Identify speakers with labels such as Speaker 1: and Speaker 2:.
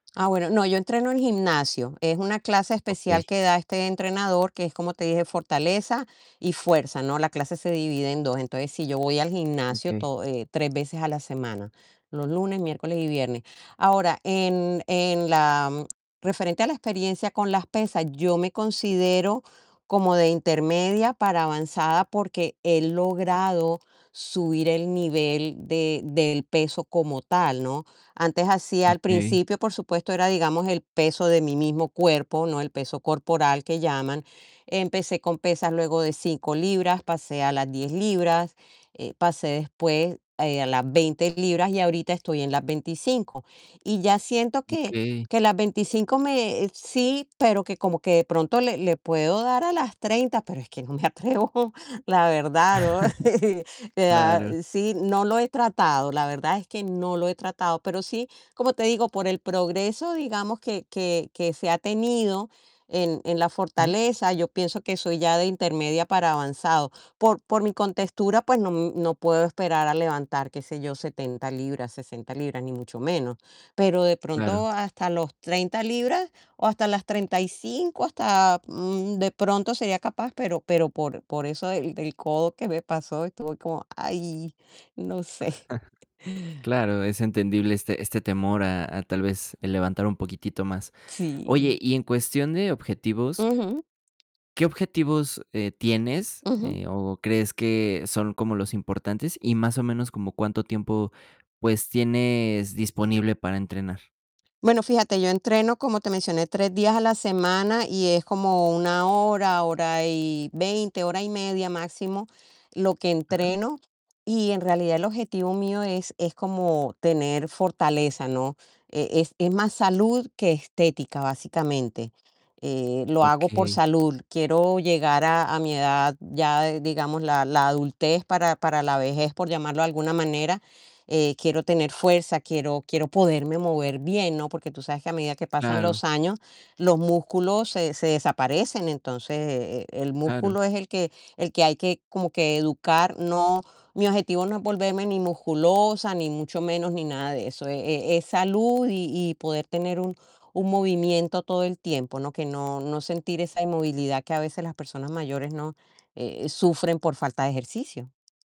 Speaker 1: Ah, bueno, no, yo entreno en gimnasio. Es una clase especial
Speaker 2: Okey.
Speaker 1: que da este entrenador, que es como te dije, fortaleza y fuerza, ¿no? La clase se divide en 2. Entonces, si yo voy al gimnasio
Speaker 2: Okey.
Speaker 1: to eh, 3 veces a la semana, los lunes, miércoles y viernes. Ahora, en en la referente a la experiencia con las pesas, yo me considero como de intermedia para avanzada, porque he logrado subir el nivel de del peso como tal, ¿no? Antes hacía, al
Speaker 2: Okey.
Speaker 1: principio, por supuesto, era, digamos, el peso de mi mismo cuerpo, ¿no? El peso corporal que llaman. Empecé con pesas, luego de 5 libras, pasé a las 10 libras, eh, pasé después a las 20 libras y ahorita estoy en las 25, y ya siento que
Speaker 2: Okey.
Speaker 1: que las 25 me... sí, pero que como que de pronto le le puedo dar a las 30 pero es que no me atrevo, la verdad,
Speaker 2: Claro.
Speaker 1: sí, no lo he tratado, la verdad es que no lo he tratado, pero sí, como te digo, por el progreso, digamos que que que se ha tenido en en la
Speaker 2: Ajá.
Speaker 1: fortaleza, yo pienso que soy ya de intermedia para avanzado. Por por mi contextura, pues no no puedo esperar a levantar, qué sé yo, 70 libras, 60 libras ni mucho menos, pero de pronto
Speaker 2: Claro.
Speaker 1: hasta los 30 libras o hasta las 35 hasta, mm, de pronto sería capaz, pero pero por por eso del del codo que me pasó estuve como, ay, no sé.
Speaker 2: Claro, es entendible este este temor a a tal vez el levantar un poquitito más. Oye,
Speaker 1: Sí.
Speaker 2: y en cuestión de objetivos
Speaker 1: Ujú.
Speaker 2: ¿qué objetivos, eh, tienes,
Speaker 1: Ujú.
Speaker 2: eh, o crees que son como los importantes? Y más o menos, ¿como cuánto tiempo, pues tienes disponible para entrenar?
Speaker 1: Bueno, fíjate, yo entreno, como te mencioné, 3 días a la semana y es como 1 hora, hora y 20, hora y media máximo lo que
Speaker 2: Ajá.
Speaker 1: entreno. Y en realidad el objetivo mío es es como tener fortaleza, ¿no? E-es es más salud que estética, básicamente. Eh, lo hago por
Speaker 2: Okey.
Speaker 1: salud. Quiero llegar a, a mi edad ya, digamos, la la adultez para para la vejez, por llamarlo de alguna manera. Eh, quiero tener fuerza, quiero quiero poderme mover bien, ¿no? Porque tú sabes que a medida que pasan
Speaker 2: Claro.
Speaker 1: los años, los músculos se se desaparecen. Entonces, el
Speaker 2: Claro.
Speaker 1: músculo es el que el que hay que como que educar. No, mi objetivo no es volverme ni musculosa, ni mucho menos, ni nada de eso. E-e-es salud y y poder tener un un movimiento todo el tiempo, ¿no? Que no no sentir esa inmovilidad que a veces las personas mayores, ¿no? Eh, sufren por falta de ejercicio.